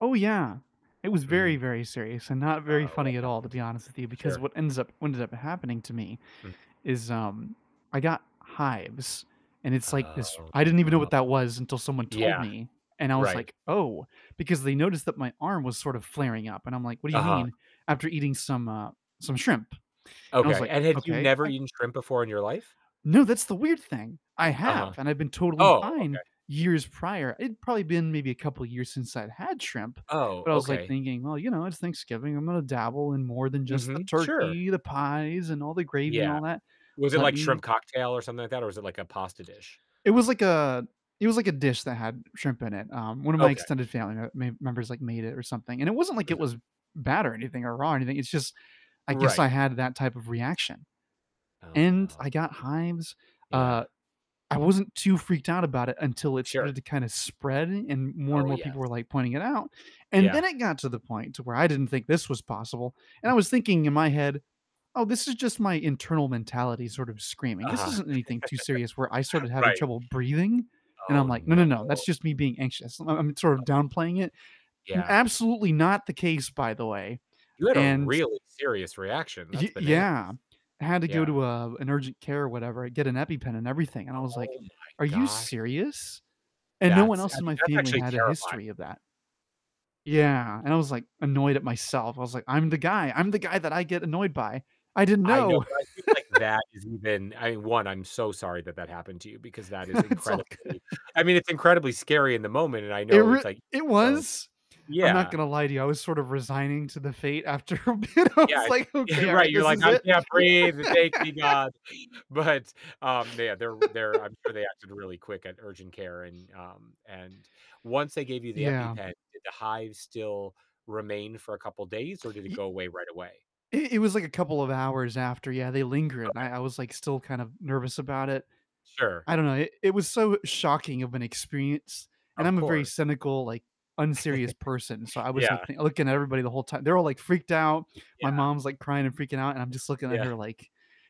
Oh, yeah, it was very Mhm. very serious, and not very Uh-oh, what funny at all, to happened? be honest with you, because Sure. what ends up ended up happening to me Mm. is, um, I got hives, and it's like this Oh, I didn't even know no. what that was until someone told Yeah, me, and I was right. like, "Oh," because they noticed that my arm was sort of flaring up, and I'm like, "What do you Uh-huh. mean?" After eating some, uh, some shrimp, and I was Okay, like, and had you "Okay, never I've" eaten shrimp before in your life? No, that's the weird thing, I Uh-huh, have, and I've been totally oh, okay. fine years prior. It'd probably been maybe a couple years since I'd had shrimp, Oh, but, I was, like, okay. thinking, "Well, you know, it's Thanksgiving, I'm gonna dabble in more than just the Mhm, sure. turkey, the pies, and all the gravy, and Yeah, all that. was it Let like shrimp me" cocktail, or something like that, or was it like a pasta dish? It was like a it was like a dish that had shrimp in it, um, one of my Okay. extended family m ma members, like, made it or something. And it wasn't like Mm. it was bad or anything, or raw or anything, it's just I guess I Right. had that type of reaction. Oh And no. I got hives, Yeah. uh, I wasn't too freaked out about it until it started Sure. to kind of spread and more, and Oh, more people were, yes. like, pointing it out. And Yeah. then it got to the point to where I didn't think this was possible, and Mm I was thinking in my head, "Oh, this is just my internal mentality sort of screaming. This Uh-huh. isn't anything too serious," where I started having Right. trouble breathing, and Oh, I'm like, "No, no. no, no, Oh that's no, just me being anxious." I'm sort of downplaying it, yeah. absolutely not the case, by the way, You had a and really serious reaction. That's Y bananas, yeah, I had to go yeah. to a, uh, an urgent care or whatever. I get an EpiPen and everything, and I was Oh, like, my "Are you gosh. serious?" And no one That's I else in mean, my that's family actually had a terrifying. history of that. Yeah, and I was, like, annoyed at myself. I was like, "I'm the guy, I'm the guy that I get annoyed by." I didn't I know, know. but I feel like that is even I mean 1, I'm so sorry that that happened to you because that is It's all good. incredibly I mean, it's incredibly scary in the moment, and I It know rea it's like it so, was I'm not yeah. gonna lie to you, I was sort of resigning to the fate after a bit, I Yeah, was an like, "Okay, all right, right, you're this like, is "I it." can't breathe, take me, god." But, um, yeah, they're, they're I'm sure they acted really quick at urgent care, and, um and once they gave you the Yeah. EpiPen, did the hives still remain for a couple of days, or did it Ye go away right away? It it was like a couple of hours after, yeah, they linger, and Okay. I I was, like, still kind of nervous about it. Sure. I don't know. It it was so, shocking of an experience, and Of I'm a very course. cynical, like, unserious person, so, I was, Yeah. like, th looking at everybody the whole time. They're all, like, freaked out, my Yeah. mom's, like, crying, and freaking out, and I'm just looking at Yeah. her like,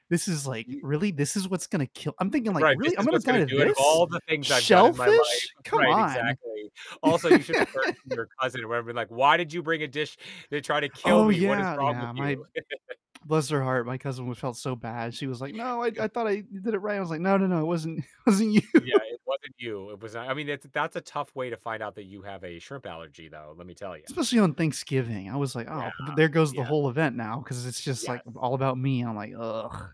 "This is like You really? This is what's gonna kill" I'm thinking like, Right, "This "Really, I'm is gonna what's die gonna to do it of this? all the things I've done in my life." Shellfish? Come Right, on." exactly, also, you should have turned to your cousin, or whatever and been like, "Why did you bring a dish to try to kill Oh, me? What is yeah, wrong with yeah, my you?" bless her heart, my cousin felt so bad. She was like, "No, I d I thought I did it right." I was like, "No, no, no, it wasn't it wasn't you." Yeah, it wasn't you. It was I mean, that's that's a tough way to find out that you have a shrimp allergy though, let me tell ya. Especially on Thanksgiving, I was like, Yeah, "Oh, th there goes the yeah. whole event now," 'cause it's just, like, Yes. all about me and I'm like, "Ugh."